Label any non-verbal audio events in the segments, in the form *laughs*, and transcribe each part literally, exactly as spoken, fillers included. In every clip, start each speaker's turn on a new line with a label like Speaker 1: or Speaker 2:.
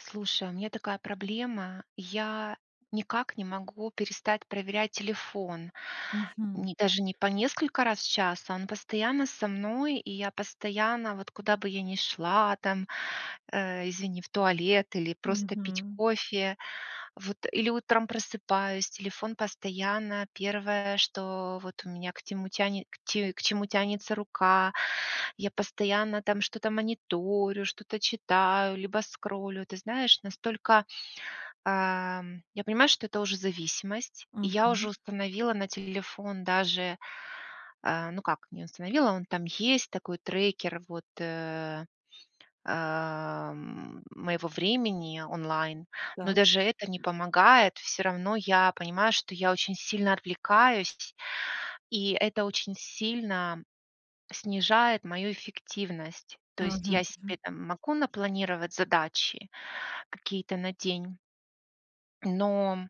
Speaker 1: Слушай, у меня такая проблема: я никак не могу перестать проверять телефон.
Speaker 2: Мгм.
Speaker 1: Не даже не по несколько раз в час, а он постоянно со мной, и я постоянно, вот куда бы я ни шла там, э извини, в туалет или просто пить
Speaker 2: Мгм.
Speaker 1: кофе, вот или утром просыпаюсь, телефон постоянно первое, что вот у меня к тему тяне ть к чему тянется рука, я постоянно там что-то мониторю, что-то читаю, либо скроллю, ты знаешь, настолько, ам Я понимаю, что это уже зависимость, и я уже
Speaker 2: Мгм.
Speaker 1: установила на телефон даже А, ну как не установила, он там есть такой трекер, вот, э а м моего времени онлайн. Но
Speaker 2: Да.
Speaker 1: даже это не помогает. Всё равно я понимаю, что я очень сильно отвлекаюсь сь и это очень сильно снижает мою эффективность. То есть
Speaker 2: Мгм,
Speaker 1: я себе
Speaker 2: мгм.
Speaker 1: там могу напланировать задачи какие-то на день Но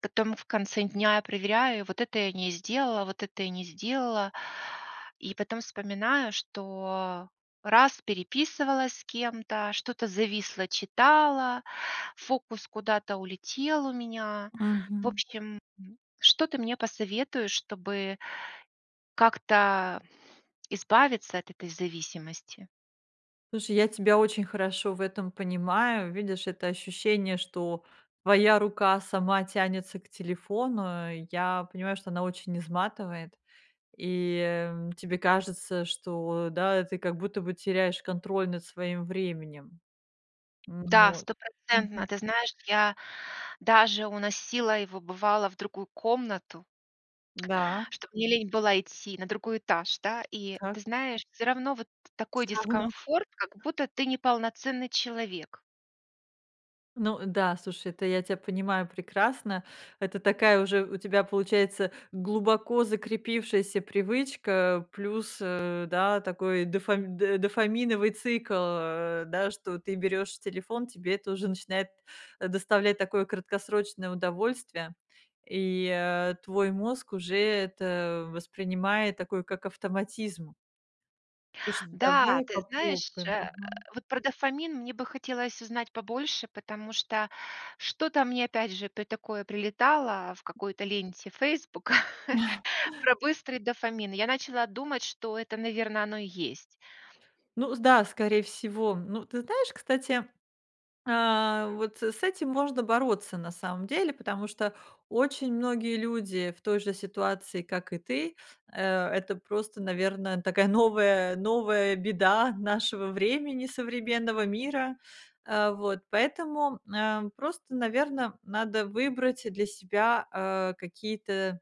Speaker 1: потом в конце дня я проверяю: вот это я не сделала, вот это я не сделала. И потом вспоминаю, что раз переписывалась с кем-то, что-то зависло, читала, фокус куда-то улетел у меня. В
Speaker 2: Мгм.
Speaker 1: общем что ты мне посоветуешь, чтобы как-то избавиться от этой зависимости?
Speaker 2: Слушай, я тебя очень хорошо в этом понимаю. Видишь, это ощущение, что твоя рука сама тянется к телефону, я понимаю, что оно очень изматывает, и тебе кажется, что да, ты как будто бы теряешь контроль над своим временем. М,
Speaker 1: Да,
Speaker 2: вот, мгм.
Speaker 1: стопроцентно. Ты знаешь, я даже уносила его, бывало, в другую комнату.
Speaker 2: Да.
Speaker 1: Чтоб мне лень было идти на другой этаж, да. И ты
Speaker 2: Так.
Speaker 1: знаешь, всё равно вот такой
Speaker 2: Всё равно.
Speaker 1: дискомфорт, как будто ты неполноценный человек.
Speaker 2: Ну да, слушай, это я тя понимаю прекрасно, это такая уже у тебя получается глубоко закрепившаяся привычка, плюс, э, да, такой дофами дофаминовый цикл, э, да, что ты берёшь телефон, тебе это уже начинает, э, доставлять такое краткосрочное удовольствие, и, э, твой мозг уже это воспринимает такой, как автоматизм. Слушай,
Speaker 1: Да,
Speaker 2: давай
Speaker 1: ты знаешь,
Speaker 2: попробуем.
Speaker 1: э,
Speaker 2: Мгм.
Speaker 1: вот про дофамин мне бы хотелось узнать побольше, потому что что-то мне опять же при такое прилетало в какой-то ленте "Фейсбука" *chuckles* про быстрый дофамин. Я начала думать, что это, наверно, оно и есть.
Speaker 2: Ну, с да, скорее всего. Ну, ты знаешь, кстати, а, вот с этим можно бороться на самом деле, потому что очень многие люди в той же ситуации, как и ты, э, это просто, наверно, такая новая новая беда нашего времени, современного мира. Э, вот поэтому, э, просто, наверно, надо выбрать для себя, а, какие-то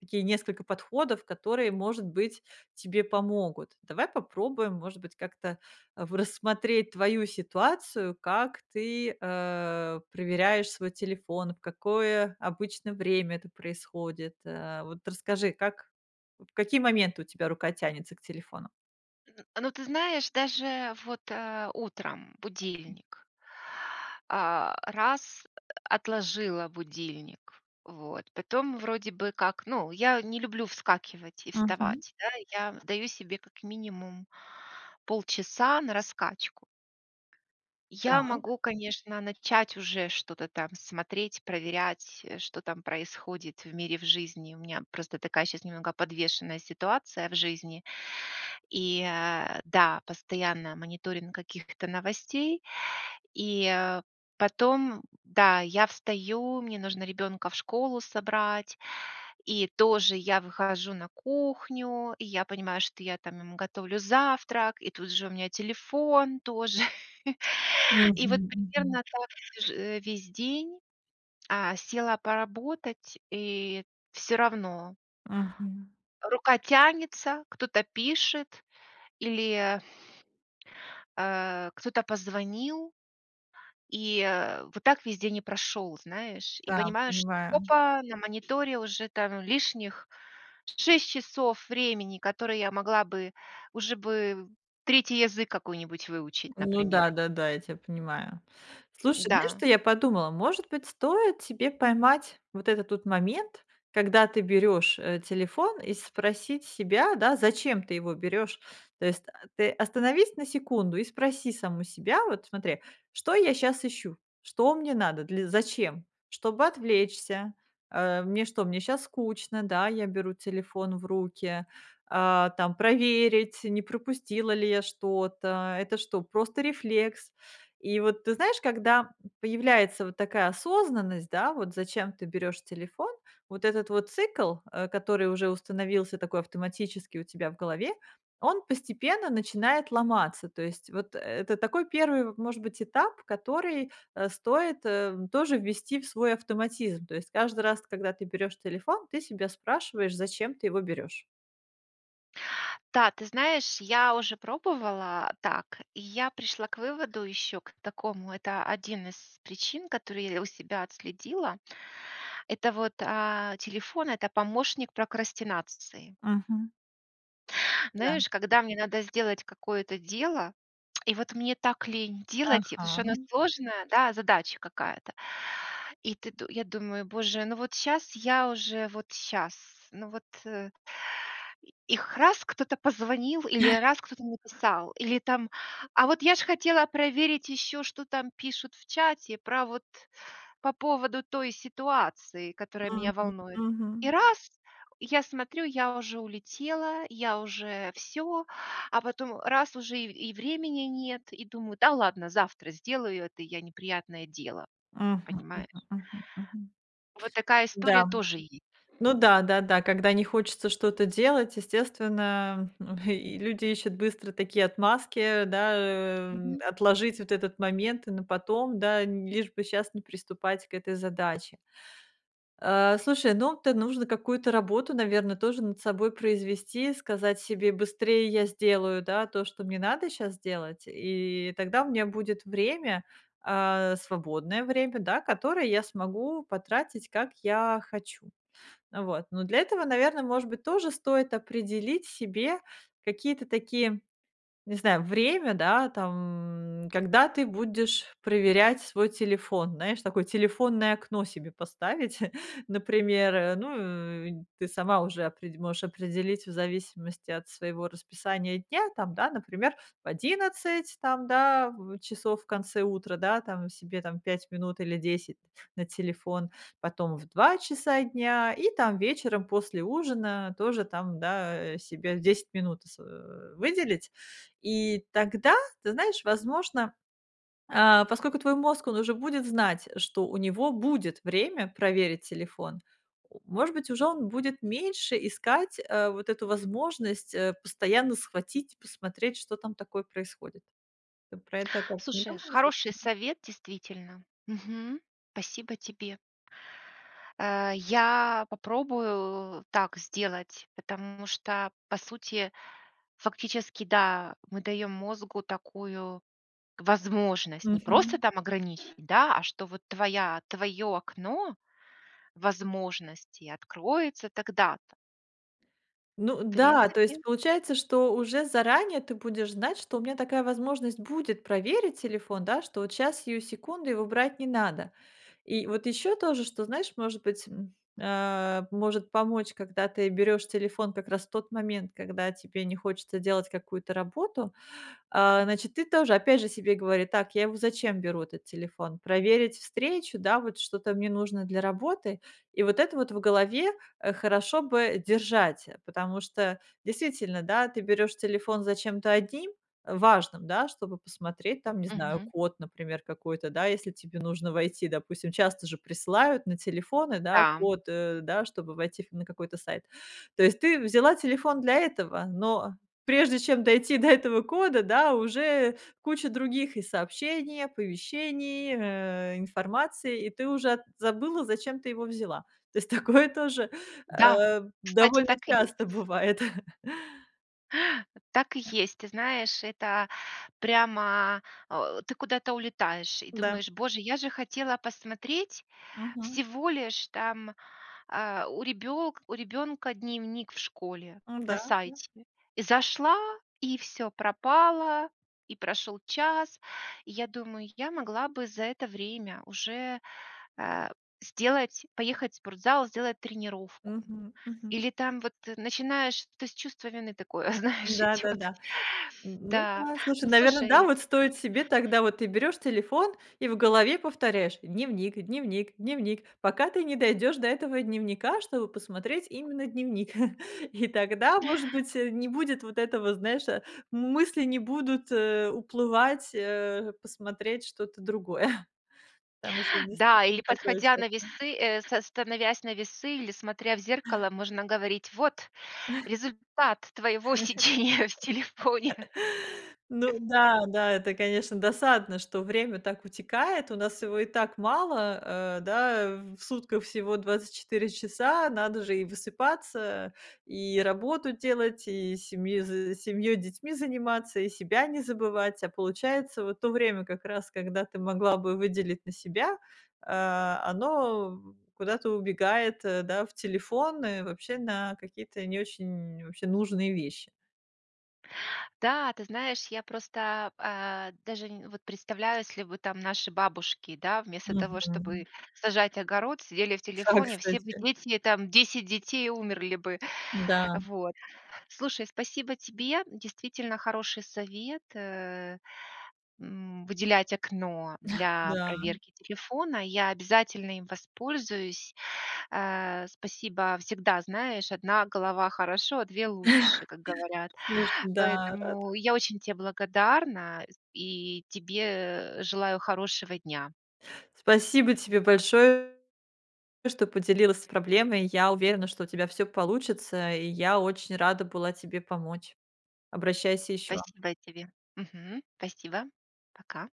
Speaker 2: такие несколько подходов, которые, может быть, тебе помогут. Давай попробуем, может быть, как-то в рассмотреть твою ситуацию, как ты, а, проверяешь свой телефон, в какое обычно время это происходит, а, вот расскажи, как, в какие моменты у тебя рука тянется к телефону.
Speaker 1: Ну, ты знаешь, даже вот, э, утром будильник а, раз отложила будильник, вот. Потом, вроде бы как, ну, я не люблю вскакивать и
Speaker 2: Мгм.
Speaker 1: вставать, да. Я отдаю себе как минимум полчаса на раскачку. Я
Speaker 2: Так.
Speaker 1: могу, конечно, начать уже что-то там смотреть, проверять, что там происходит в мире, в жизни. У меня просто такая сейчас немного подвешенная ситуация в жизни и, э, да, постоянно мониторинг каких-то новостей, и потом, да, я встаю, мне нужно ребенка в школу собрать, и тоже я выхожу на кухню, и я понимаю, что я там ему готовлю завтрак, и тут же у меня телефон тоже. *chuckles* И вот примерно
Speaker 2: Мгм-мгм.
Speaker 1: так тоже весь день, а, села поработать и всё равно.
Speaker 2: Мгм.
Speaker 1: Рука тянется, кто-то пишет или, э, кто-то позвонил. И, э, вот так весь день и прошел, знаешь? И
Speaker 2: Да,
Speaker 1: понимаю, что
Speaker 2: понимаю.
Speaker 1: опа! На мониторе уже там лишних шесть часов времени, которые я могла бы уже бы третий язык какой-нибудь выучить,
Speaker 2: Ну
Speaker 1: например.
Speaker 2: да-да-да, я тебя понимаю. Слушай, знаешь,
Speaker 1: Да.
Speaker 2: что я подумала, может быть, стоит тебе поймать вот этот вот момент, когда ты берешь, э, телефон, и спросить себя, да, зачем ты его берешь, То есть ты остановись на секунду и спроси саму себя, вот смотри: "Что я сейчас ищу? Что мне надо? Для Зачем? Чтобы отвлечься? Э, мне что, мне сейчас скучно? Да, я беру телефон в руки, а, там, проверить, не пропустила ли я что-то? Это что, просто рефлекс?". И вот ты знаешь, когда появляется вот такая осознанность, да, вот зачем ты берёшь телефон, вот этот вот цикл, э, который уже установился такой автоматически у тебя в голове, он постепенно начинает ломаться. То есть вот, э, это такой первый, может быть, этап, который, э, стоит тоже ввести в свой автоматизм. То есть каждый раз, когда ты берёшь телефон, ты себя спрашиваешь, зачем ты его берёшь.
Speaker 1: Да, ты знаешь, я уже пробовала так, и я пришла к выводу еще к такому, это один из причин, которую я у себя отследила. Это вот, а, телефон- это помощник прокрастинации.
Speaker 2: Мгм. Да.
Speaker 1: Знаешь, когда мне надо сделать какое-то дело, и вот мне так лень делать, потому что оно
Speaker 2: Ага.
Speaker 1: сложное, да, задача какая-то. И ты д я думаю: "Боже, ну вот щас я уже, вот щас, ну вот, э". И их раз кто-то позвонил, или
Speaker 2: *chuckles*
Speaker 1: раз кто-то написал, или там, а вот я ж хотела проверить еще, что там пишут в чате про вот по поводу той ситуации, которая меня
Speaker 2: Мгм,
Speaker 1: волнует. И
Speaker 2: мгм.
Speaker 1: раз я смотрю, я уже улетела, я уже всё, а потом раз уже и и времени нет, и думаю: "Да ладно, завтра сделаю это я неприятное дело".
Speaker 2: Мгм мгм
Speaker 1: Понимаешь?
Speaker 2: мгм мгм.
Speaker 1: Вот такая
Speaker 2: Да.
Speaker 1: история тоже есть.
Speaker 2: Ну да-да-да, когда не хочется что-то делать, естественно, м, и люди ищут быстро такие отмазки, да, э,
Speaker 1: Мгм.
Speaker 2: отложить вот этот момент на потом, да, лишь бы сейчас не приступать к этой задаче. А, слушай, ну это нужно какую-то работу, наверное, тоже над собой произвести, сказать себе: "Быстрее я сделаю, да, то, что мне надо сейчас сделать, и тогда у меня будет время, а, свободное время, да, которое я смогу потратить, как я хочу", а, вот. Но для этого, наверное, может быть, тоже стоит определить себе какие-то такие, не знаю, время, да, там, когда ты будешь проверять свой телефон, знаешь, такое телефонное окно себе поставить, *chuckles* например. Ну, и ты сама уже опре можешь определить в зависимости от своего расписания дня там, да, например, в одиннадцать там, да, в часов в конце утра, да, там себе там пять минут или десять на телефон, потом в два часа дня, и там вечером после ужина тоже там, да, э, себе десять минут с, э, выделить. И тогда, ты знаешь, возможно, а, поскольку твой мозг, он уже будет знать, что у него будет время проверить телефон, о может быть, уже он будет меньше искать, а, вот эту возможность, э, постоянно схватить, посмотреть, что там такое происходит. Ты про это как, не
Speaker 1: Слушай,
Speaker 2: думала
Speaker 1: хороший
Speaker 2: случайно?
Speaker 1: совет, действительно, мгм. Спасибо тебе. Э, я попробую так сделать, потому что, по сути, фактически, да, мы даем мозгу такую возможность. Не просто
Speaker 2: Мгм.
Speaker 1: там ограничить, да, а что вот твоя твое окно возможностей откроется тогда-то.
Speaker 2: Ну
Speaker 1: В
Speaker 2: да, то
Speaker 1: принципе
Speaker 2: есть получается, что уже заранее ты будешь знать, что у меня такая возможность будет проверить телефон, да, что вот щас, сию секунду, его брать не надо. И вот ещё тоже, что, знаешь, может быть, м, а, может помочь, когда ты берёшь телефон как раз в тот момент, когда тебе не хочется делать какую-то работу, а, значит, ты тоже, опять же, себе говори: "Так, я его зачем беру, этот телефон? Проверить встречу, да, вот что-то мне нужно для работы?" И вот это вот в голове хорошо бы держать, потому что действительно, да, ты берёшь телефон зачем-то одним, важным, да, чтобы посмотреть, там, не знаю,
Speaker 1: Мгм.
Speaker 2: код, например, какой-то, да, если тебе нужно войти, допустим. Часто же присылают на телефоны, да,
Speaker 1: Да, м.
Speaker 2: код, э, да чтобы войти в на какой-то сайт. То есть ты взяла телефон для этого, но прежде чем дойти до этого кода, да, уже куча других и сообщения, оповещений, э информации, и ты уже от забыла, зачем ты его взяла. То есть такое тоже,
Speaker 1: Да!
Speaker 2: э
Speaker 1: Кстати,
Speaker 2: довольно
Speaker 1: так и есть.
Speaker 2: часто бывает.
Speaker 1: Так и есть! Ты знаешь, это прямо а, ты куда-то улетаешь и
Speaker 2: Да.
Speaker 1: думаешь: "Боже, я же хотела посмотреть
Speaker 2: Мгм.
Speaker 1: всего лишь там, а, у ребёлка у ребенка дневник в школе на
Speaker 2: Да, да.
Speaker 1: сайте". И зашла, и всё пропало, и прошел час, и я думаю: "Я могла бы за это время уже, а, сделать поехать в спортзал, сделать тренировку".
Speaker 2: Мгм, мгм.
Speaker 1: Или там вот начинаешь, то есть чувство вины такое, знаешь,
Speaker 2: Да да
Speaker 1: идет.
Speaker 2: да. Ну
Speaker 1: Да.
Speaker 2: да, слушай,
Speaker 1: Ну,
Speaker 2: наверно, да,
Speaker 1: слушай
Speaker 2: вот стоит себе тогда, вот ты берёшь телефон и в голове повторяешь: "Дневник дневник дневник", пока ты не дойдёшь до этого дневника, чтобы посмотреть именно дневник. *chuckles* И тогда, может быть, э, не будет вот этого, знаешь, м мысли не будут, э, уплывать, э, посмотреть что-то другое, *chuckles* потому что
Speaker 1: Да, или,
Speaker 2: действительно такое
Speaker 1: подходя
Speaker 2: чувство.
Speaker 1: на весы, э, с становясь на весы, или смотря в зеркало, можно говорить: "Вот результат твоего сидения в телефоне!"
Speaker 2: Ну
Speaker 1: *laughs*
Speaker 2: да, да, это, конечно, досадно, что время так утекает, у нас его и так мало. Э, да, в сутках всего двадцать четыре часа, надо же и высыпаться, и работу делать, и семьёй з семьей, детьми заниматься, и себя не забывать. А получается, вот то время как раз, когда ты могла бы выделить на себя, а, оно куда-то убегает, э, да, в телефон и вообще на какие-то не очень вообще нужные вещи.
Speaker 1: Да, ты знаешь, я просто, а, даже н вот представляю, если бы там наши бабушки, да вместо того, чтоб
Speaker 2: Мгм.
Speaker 1: сажать огород, сидели в
Speaker 2: Да,
Speaker 1: телефоне, все бы
Speaker 2: кстати.
Speaker 1: дети там, десять детей, и умерли бы
Speaker 2: Да.
Speaker 1: вот. Слушай, спасибо тебе. Действительно хороший совет, э, м, выделять окно для
Speaker 2: Да.
Speaker 1: проверки телефона. Я обязательно им воспользуюсь, э. Спасибо. Всегда знаешь, одна голова хорошо, а две лучше, как говорят.
Speaker 2: Слушай, да, рада.
Speaker 1: Поэтому я очень те благодарна и тебе, э, желаю хорошего дня!
Speaker 2: Спасибо тебе большо что поделилась проблемой, я уверена, что у тебя всё получится, и я очень рада была тебе помочь. Обращайся еще.
Speaker 1: Спасибо тебе. Мгм, спасибо. Пока.